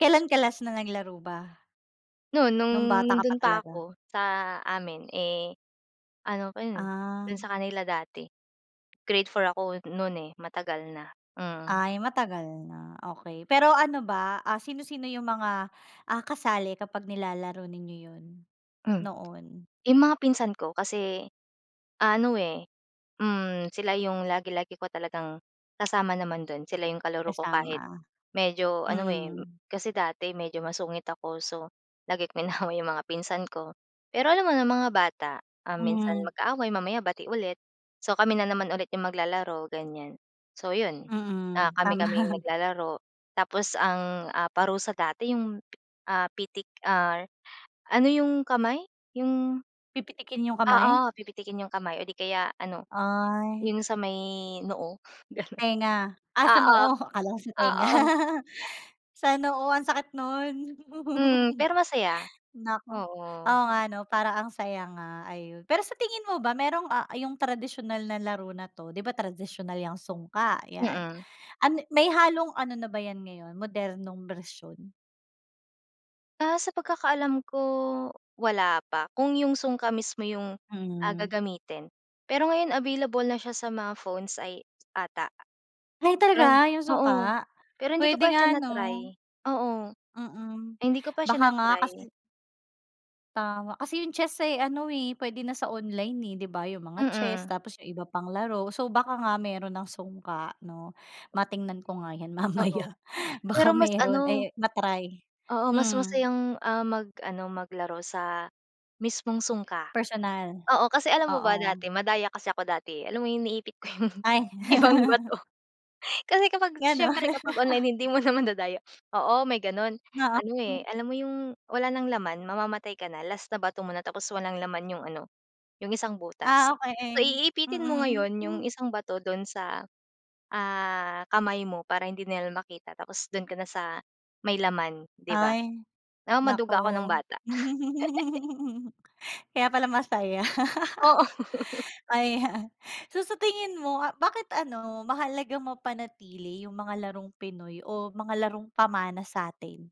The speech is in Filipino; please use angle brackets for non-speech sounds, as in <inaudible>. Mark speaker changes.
Speaker 1: Kailan ka last na naglaro ba?
Speaker 2: Noon, noong
Speaker 1: Noong bata ka pa
Speaker 2: nando'n
Speaker 1: talaga?
Speaker 2: pa'ko, sa amin eh, ano pa 'yon.
Speaker 1: Ah.
Speaker 2: Doon sa kanila dati grade 4 ako noon eh, matagal na. Hmm.
Speaker 1: Ay, matagal na, okey. Pero ano ba, ah, sino-sino 'yung mga, ah, kasali kapag nilalaro ninyo 'yon
Speaker 2: Hmm.
Speaker 1: noon?
Speaker 2: 'Yung mga pinsan ko, kasi ah, ano eh, hmm, sila yung lagi-lagi ko talagang kasama naman doon. Sila 'yung kalaro ko kahit
Speaker 1: Kasama,
Speaker 2: medyo ano, eh.
Speaker 1: mm.
Speaker 2: Kasi dati medyo masungit ako, so, lagi ko inaaway 'yong mga pinsan ko. Pero alam mo na mga bata, um, minsan
Speaker 1: Hmm.
Speaker 2: magka-away mamaya bati ulit. So, kami na naman ulit yung maglalaro ganyan. So, 'yon, ah,
Speaker 1: Mm,
Speaker 2: kami-kaming
Speaker 1: tama.
Speaker 2: naglalaro. Tapos ang ah, parusa dati 'yung pi ah, pitik ah, ano 'yung kamay, yung
Speaker 1: Pipitikin 'yung
Speaker 2: oo,
Speaker 1: kamay?
Speaker 2: pipitikin 'yung kamay o 'di kaya ano,
Speaker 1: Ay!
Speaker 2: 'yung sa may noo gano'n.
Speaker 1: Tainga. Ah, sa
Speaker 2: Oo,
Speaker 1: noo, akala ko sa tainga.
Speaker 2: oo.
Speaker 1: <laughs> Sa noo, ang sakit no'n.
Speaker 2: Hmm.
Speaker 1: <chuckles>
Speaker 2: Pero masaya,
Speaker 1: Naku,
Speaker 2: oo.
Speaker 1: oo nga 'no parang ang saya nga, ayun. Pero sa tingin mo ba mayrong, ah,' yung tradisyonal na laro na'to. Di ba tradisyonal 'yang sungka, 'yan,
Speaker 2: Mhm.
Speaker 1: ano-may halong ano na ba 'yan ngayon modernong bersyon?
Speaker 2: Ah, sa pagkakaalam ko, wala pa. Kung 'yung sungka mismo 'yung ah,
Speaker 1: Mm.
Speaker 2: gagamitin. Pero ngayon available na siya sa mga phones ay ata.
Speaker 1: Ay,
Speaker 2: Pero
Speaker 1: talaga 'yung
Speaker 2: oo.
Speaker 1: sungka?
Speaker 2: Pero hindi ko
Speaker 1: Pwede
Speaker 2: pa siya
Speaker 1: nga 'no?
Speaker 2: na-try, oo.
Speaker 1: Mm.
Speaker 2: Hindi ko pa siya
Speaker 1: Baka nga
Speaker 2: na-try.
Speaker 1: kasi Tama, kasi yung chess eh, ano eh, puwede na sa online, eh, di ba? 'Yung mga chess,
Speaker 2: Mhm.
Speaker 1: tapos 'yung iba pang laro. So, baka nga meron ng sungka 'no? Matingnan ko nga 'yan
Speaker 2: Oo,
Speaker 1: mamaya,
Speaker 2: pero
Speaker 1: baka
Speaker 2: mas ano
Speaker 1: meron eh, ma-try.
Speaker 2: Oo, mas
Speaker 1: Hmm.
Speaker 2: masayang ah, mag ano, maglaro sa mismong sungka.
Speaker 1: Personal,
Speaker 2: Oo, kasi alam mo ba
Speaker 1: oo.
Speaker 2: dati madaya kasi ako dati eh. Alam mo 'yung iniipit ko 'yung
Speaker 1: Ay.
Speaker 2: ibang
Speaker 1: <laughs>
Speaker 2: bato. kasi kapag,
Speaker 1: Gano'n
Speaker 2: siyempre kapag online hindi
Speaker 1: <laughs>
Speaker 2: mo na madadaya. <sniffs> Oo, may ganon. Ano eh,
Speaker 1: <unintelligible>
Speaker 2: alam mo 'yung wala ng laman, mamamatay ka na last na bato mo na. Tapos walang laman 'ano yung isang butas,
Speaker 1: Ah,
Speaker 2: so,
Speaker 1: okey.
Speaker 2: iipitin mo
Speaker 1: Mm.
Speaker 2: ngayon 'yung
Speaker 1: Hmm.
Speaker 2: isang bato doon sa, ah, kamay mo para hindi nila makita. Tapos doon ka na sa may laman, di ba,
Speaker 1: Ay,
Speaker 2: ah,
Speaker 1: naku.
Speaker 2: maduga ako nung bata. <giggles>
Speaker 1: <chuckles> Kaya pala masaya, <laughs>
Speaker 2: Oo.
Speaker 1: ayan. So, sa tingin mo bakit ano, mahalagang mapanatili 'yung mga larong Pinoy o mga larong pamana sa'tin?